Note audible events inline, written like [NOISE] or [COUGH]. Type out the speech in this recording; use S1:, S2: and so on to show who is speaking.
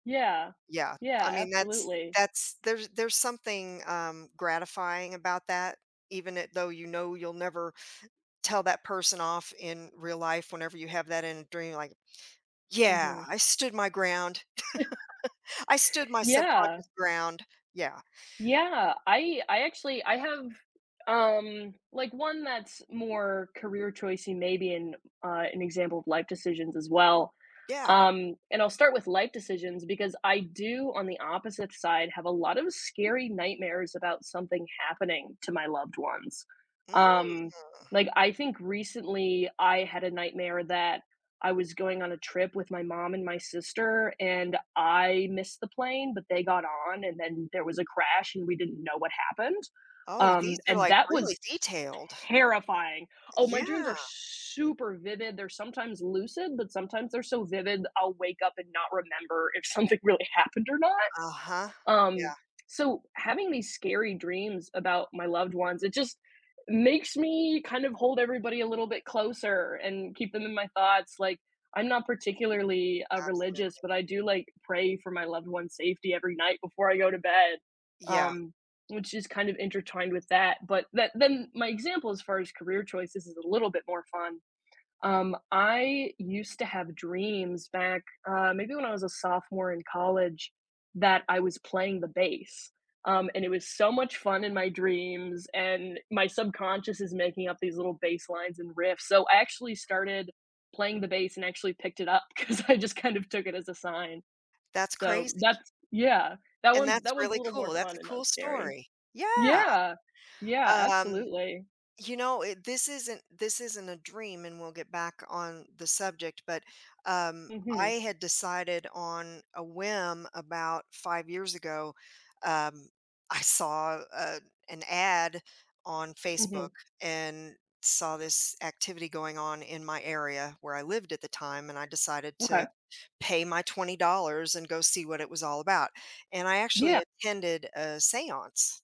S1: Yeah.
S2: Yeah, I
S1: Yeah,
S2: mean that's
S1: absolutely.
S2: that's, there's there's something, um, gratifying about that even it though, you know, you'll never tell that person off in real life whenever you have that in a dream, like, yeah,
S1: Mhm.
S2: "I stood my ground."
S1: [CHUCKLES]
S2: [LAUGHS] "I stood my
S1: Yeah.
S2: subconscious ground." Yeah.
S1: Yeah, I I actually I have, um, like one that's more career choice and maybe and, uh, an example of life decisions as well.
S2: Yeah.
S1: Um, and I'll start with life decisions because I do, on the opposite side, have a lot of scary nightmares about something happening to my loved ones.
S2: Mm.
S1: Um, like, I think recently, I had a nightmare that I was going on a trip with my mom and my sister and I missed the plane, but they got on and then there was a crash and we didn't know what happened.
S2: Oh, these
S1: Um,
S2: are
S1: and
S2: like
S1: that was
S2: really detailed.
S1: terrifying. Oh,
S2: Y
S1: my dreams
S2: yeah.
S1: are super vivid they're sometimes lucid, but sometimes they're so vivid, I'll wake up and not remember if something really happened or not.
S2: Uh-huh,
S1: Um,
S2: yeah.
S1: so, having these scary dreams about my loved ones, it just makes me kind of hold everybody a little bit closer and keep them in my thoughts. Like, I'm not particularly, uh, religious,
S2: Absolutely
S1: but I do like pray for my loved ones' safety every night before I go to bed.
S2: Yeah.
S1: Um, which is kind of intertwined with that but that then my example as far as career choices is a little bit more fun. Um, I used to have dreams back, uh, maybe when I was a sophomore in college that I was playing the bass. Um, and it was so much fun in my dreams and my subconscious is making up these little baselines and riffs. So, I actually started playing the bass and actually picked it up 'cause I just kind of took it as a sign.
S2: That's
S1: So,
S2: crazy.
S1: that's, yeah, that
S2: And
S1: one's
S2: that's
S1: that one's a
S2: really
S1: little more
S2: cool. That's
S1: fun
S2: a
S1: and not
S2: cool
S1: scary.
S2: story, yeah.
S1: Yeah, yeah,
S2: Um,
S1: absolutely.
S2: you know, it this isn't this isn't a dream, and we'll get back on the subject, but, um, I
S1: Mhm.
S2: had decided on a whim about 5 years ago, um, I saw, uh, an ad on Facebook
S1: Mhm.
S2: and saw this activity going on in my area where I lived at the time and I decided
S1: Okay.
S2: to pay my $20 and go see what it was all about and I actually
S1: Yeah.
S2: attended a seance.